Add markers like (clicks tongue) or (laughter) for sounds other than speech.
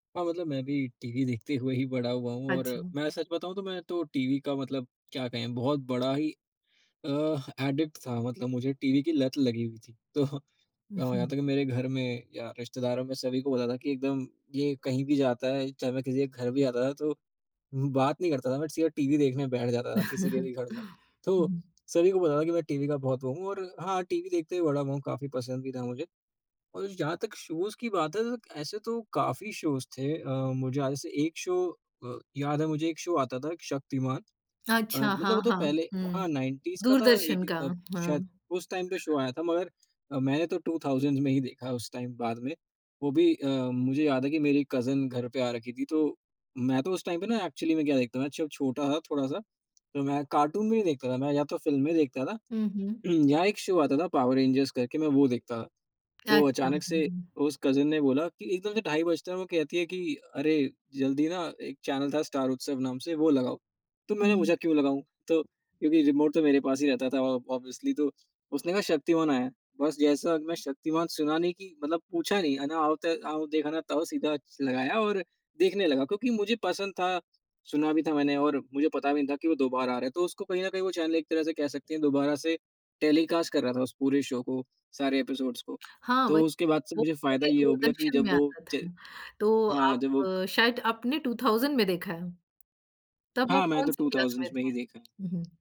हाँ, मतलब मैं भी टीवी देखते हुए ही बड़ा हुआ हूँ और अच्छा। मैं सच बताऊँ तो मैं तो टीवी का मतलब क्या कहें बहुत बड़ा ही अ, ह एडिक्ट था, मतलब मुझे टीवी की लत लगी हुई थी। तो अब यहाँ (chuckles) तक मेरे घर में या रिश्तेदारों में सभी को पता था कि एकदम ये कहीं भी जाता है चाहे मैं किसी के घर भी जाता था, तो म्म बात नहीं करता था बट सीधा टीवी देखने बैठ जाता था, किसी के भी घर जाऊँ। (chuckles) तो उहुँ। सभी को पता था कि मैं टीवी का बहुत वो हूँ और हाँ, टीवी देखते ही बड़ा हुआ हूँ, काफ़ी पसंद भी था मुझे और जहाँ तक शोज़ की बात है त त ऐसे तो काफ़ी शोज़ थे अ, मुझे याद है, जैसे एक शो अ, याद है मुझे, एक शो आता था शक्तिमान अ, अच्छा। मतलब हाँ, वो तो हाँ। पहले हुँ। हाँ, 90s का था दूरदर्शन 80 का, का शायद हाँ। उस टाइम पे शो आया था। मगर अ, मैंने 2000s में ही देखा उस टाइम बाद में, वो भी अ, मुझे याद है कि मेरी कज़िन घर पे आ रखी थी तो मैं तो उस टाइम पे ना एक्चुअली में क्या देखता था, मैं जब छोटा था थोड़ा-सा, तो मैं कार्टून भी नहीं देखता था, मैं या तो फ़िल्में देखता था, हुँ, हुँ। उहुँ, या एक शो आता था पावर रेंजर्स करके, मैं वो देखता था। तो अच्छा। अचानक हुँ, से हुँ। उस कज़िन ने बोला कि एकदम से ढाई बजते हैं और वो कहती है कि, "अरे! जल्दी ना एक चैनल था स्टार उत्सव नाम से, वो लगाओ।" तो मैंने हुँ। पूछा, "क्यों लगाऊँ?" तो क्योंकि रिमोट तो मेरे पास ही रहता था ऑब ऑब्वियसली, तो उसने कहा शक्तिमान आया है, बस जैसा मैं शक्तिमान सुना नहीं कि मतलब पूछा नहीं, है ना, आओ ते आओ देखा ना ताओ, सीधा च लगाया और देखने लगा क्योंकि मुझे पसंद था, सुना भी था मैंने और मुझे पता भी नहीं था कि वो दोबारा आ रहा है। तो उसको कहीं न कहीं वो चैनल एक तरह से कह सकते हैं दोबारा से टेलीकास्ट कर रहा था उस पूरे शो को, सारे एपिसोड्स को, (clicks tongue) हाँ, तो वही। उसके बाद से वो मुझे फ़ायदा पहले ये हो गया कि दूरदर्शन में जब वो आता च था। तो हाँ, आप जब वो क शायद आपने 2000 में देखा है। तब आप हाँ, मैंने तो कौन-सी टू क्लास में थाउज़ंड्स में ही थे? देखा। हुँ, हुँ।